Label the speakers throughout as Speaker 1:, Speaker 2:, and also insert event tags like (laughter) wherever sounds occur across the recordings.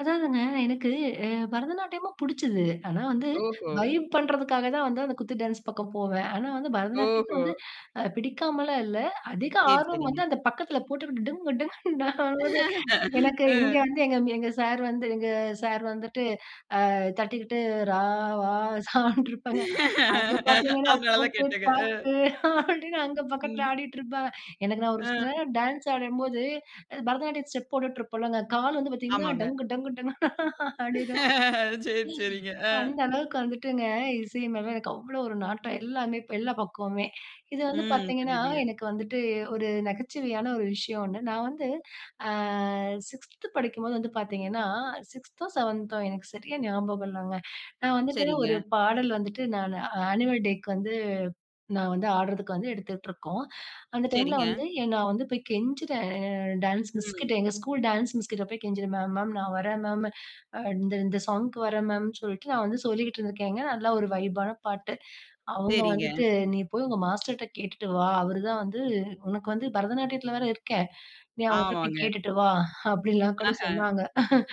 Speaker 1: அதாவதுங்க, எனக்கு, அ, பரதநாட்டியமும் புடிச்சது. ஆனா வந்து,
Speaker 2: ஓஹோ!
Speaker 1: வைப் பண்றதுக்காக தான் வந்து அந்த குத்து டான்ஸ் பக்கம் போவேன். ஆனா வந்து பரதநாட்டியத்த
Speaker 2: ஓஹோ!
Speaker 1: வந்து அ பிடிக்காமல்லாம் இல்ல. அதிக
Speaker 2: சரி.
Speaker 1: ஆர்வம் வந்து
Speaker 2: சரிங்க.
Speaker 1: அந்த பக்கத்துல போட்டுக்கு டிங்கு, டிங்குன்னு ஆவுது.
Speaker 2: (laughs)
Speaker 1: எனக்கு இங்க
Speaker 2: அ.
Speaker 1: வந்து எங்க, எங்க சார் வந்து, எங்க சார் வந்துட்டு, அ, தட்டிகிட்டு "ரா வா சான்டு" இருப்பாங்கே. அங்க பாத்தீங்கன்னா
Speaker 2: அதனால தான்
Speaker 1: "போட்டு
Speaker 2: கேட்டங்க. அ.
Speaker 1: தாக்கு" அப்டின்னு அங்க
Speaker 2: ம்.
Speaker 1: பக்கத்துல ஆடிட்டு இருப்பாங்க. எனக்கு நான் ஒரு சில
Speaker 2: அ.
Speaker 1: நேரம் டான்ஸ் ஆடம்போது பரதநாட்டியம் ஸ்டெப் போட்டுட்டு இருப்பேன் இல்லங்க கால் வந்து பாத்தீங்கன்னா,
Speaker 2: ஆமாங்க.
Speaker 1: "டங்கு, டங்கு டங்குன்னு" ஆடிடும்.
Speaker 2: சரி.
Speaker 1: ஏங்க,
Speaker 2: சரிங்க. அ
Speaker 1: அந்த அளவுக்கு வந்துட்டுங்க, இசை மேல எனக்கு அவ்ளோ ஒரு நாட்டம், எல்லாமே எல்லா பக்கவுமே. இது வந்து
Speaker 2: ம்.
Speaker 1: பாத்தீங்கன்னா,
Speaker 2: புரியுதுங்க.
Speaker 1: எனக்கு வந்துட்டு ஒரு நகைச்சுவையான ஒரு விஷயம் ஒண்ணு, நான் வந்து, அ, 6த் படிக்கும்போது வந்து பாத்தீங்கன்னா, 6தோ 7தோ எனக்கு சரியா ஞாபகம் இல்லங்க. நான் வந்துட்டு ஒரு
Speaker 2: சரிங்க.
Speaker 1: பாடல் வந்துட்டு நான் ஆனிவல் டேக்கு வந்து, நான் வந்து ஆடுறதுக்கு வந்து எடுத்துக்கிட்டு இருக்கோம். அந்த டைம்ல
Speaker 2: சரிங்க.
Speaker 1: வந்து, எங் நான் வந்து போயி கெஞ்சிறேன், டான்ஸ்
Speaker 2: ம்.
Speaker 1: மிஸ்கிட்ட. எங்க ஸ்கூல் டான்ஸ் மிஸ்கிட்ட போயி கெஞ்சிறேன், "மேம், மேம் நான் வரேன் மேம். இந்த இந்த சாங்குக்கு வரேன் மேம்ன்னு" சொல்லிட்டு நான் வந்து சொல்லிக்கிட்டு இருந்திருக்கேங்க, அதுல ஒரு வைப்பான பாட்டு. அவுங்க
Speaker 2: சரிங்க.
Speaker 1: வந்துட்டு, "நீ போயி உங்க மாஸ்டர்ட்ட கேட்டுட்டு வா, அவருதான் வந்து உனக்கு வந்து பரதநாட்டியத்துல வேற இருக்கே. நீ அவுங்கிட்ட போயி
Speaker 2: ஆமாங்க.
Speaker 1: கேட்டுட்டு வா." அப்டிலாம் கூட
Speaker 2: அஹ.
Speaker 1: சொன்னாங்க. (chuckles)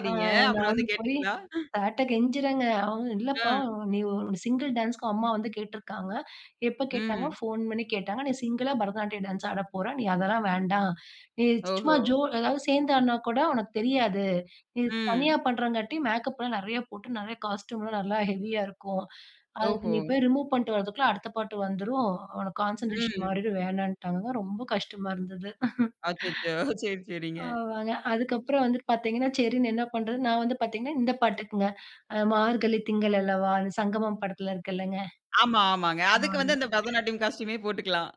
Speaker 1: அ,
Speaker 2: அப்பறம் வந்து
Speaker 1: நானும் போயி
Speaker 2: கேட்டீங்களா?
Speaker 1: சார்ட்ட கெஞ்சிறேங்க, அவுங்க "இல்லப்பா,
Speaker 2: அ.
Speaker 1: நீ ஒரு சிங்கிள் டான்ஸ்க்கு அம்மா வந்து கேட்டு இருக்காங்க," "எப்ப கேட்டாங்க?"
Speaker 2: ம்.
Speaker 1: "ஃபோன் பண்ணி கேட்டாங்க." "நீ சிங்கிளா பரதநாட்டிய டான்ஸ் ஆடப் போற, நீ அதெல்லாம் வேண்டாம். நீ சும்மா
Speaker 2: ஓஹோ!
Speaker 1: ஜோ அதாவது சேர்ந்து ஆடுனா கூட உனக்கு தெரியாது. நீ
Speaker 2: ம்.
Speaker 1: தனியா பண்றாங்காட்டி மேக்கப் எல்லாம் நெறையா போட்டு நெறையா காஸ்டியூம்லாம் நல்லா ஹெவியா இருக்கும். அதுக்கு
Speaker 2: ஓஹோ!
Speaker 1: நீ போயி ரிமூவ் பண்ணிட்டு வரதுக்குள்ள அடுத்த பாட்டு வந்துரும், உனக்கு கான்சன்ட்ரேஷன்
Speaker 2: ம்.
Speaker 1: மாறிடும்." வேணான்டாங்க, ரொம்ப கஷ்டமா இருந்தது. (chuckles)
Speaker 2: அச்சச்சோ! சரி. சரிங்க.
Speaker 1: ஆமாங்க, அதுக்கப்பறம் வந்து பாத்தீங்கன்னா, சரின்னு என்ன பண்றது, நான் வந்து பாத்தீங்கன்னா இந்த பாட்டுக்குங்க, அ, "மார்கழி திங்கள் அல்லவா," அந்த சங்கமம் படத்துல இருக்கு இல்லங்க.
Speaker 2: ஆமா. ஆமாங்க. அதுக்கு வந்து அந்த
Speaker 1: ஆமாங்க.
Speaker 2: பரதநாட்டியம் காஸ்ட்யூமே போட்டுக்கலாம்.